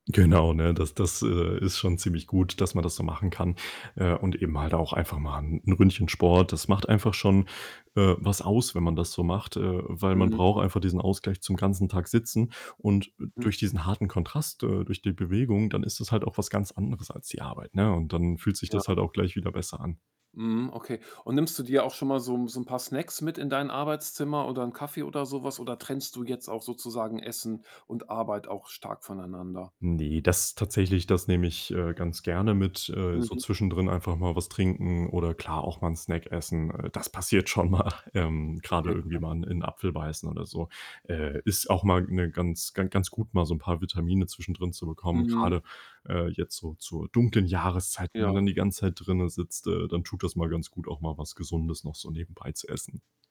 Genau, ne? Das das, äh, ist schon ziemlich gut, dass man das so machen kann. Äh, und eben halt auch einfach mal 'n 'n Ründchen Sport. Das macht einfach schon, äh, was aus, wenn man das so macht, äh, weil man Mhm. braucht einfach diesen Ausgleich zum ganzen Tag sitzen und, äh, Hm. durch diesen harten Kontrast, äh, durch die Bewegung, dann ist das halt auch was ganz anderes als die Arbeit, ne? Und dann fühlt sich das Ja. halt auch gleich wieder besser an. Mhm, okay. Und nimmst du dir auch schon mal so 'n so 'n paar Snacks mit in dein Arbeitszimmer oder 'n Kaffee oder so was? Oder trennst du jetzt auch sozusagen Essen und Arbeit auch stark voneinander? Ne, das tatsächlich, das nehme ich, äh, ganz gerne mit. Äh, so Mhm. zwischendrin einfach mal was trinken oder klar, auch mal 'n Snack essen, äh, das passiert schon mal, ähm, grade Okay, irgendwie ja. mal in in 'n Apfel beißen oder so. Äh, ist auch mal, ne, ganz ga ganz gut, mal so 'n paar Vitamine zwischendrin zu bekommen, Mhm. grade, äh, jetzt so zur dunklen Jahreszeit, wenn man dann Ja. die ganze Zeit drinnen sitzt, äh, dann tut das mal ganz gut, auch mal was Gesundes noch so nebenbei zu essen.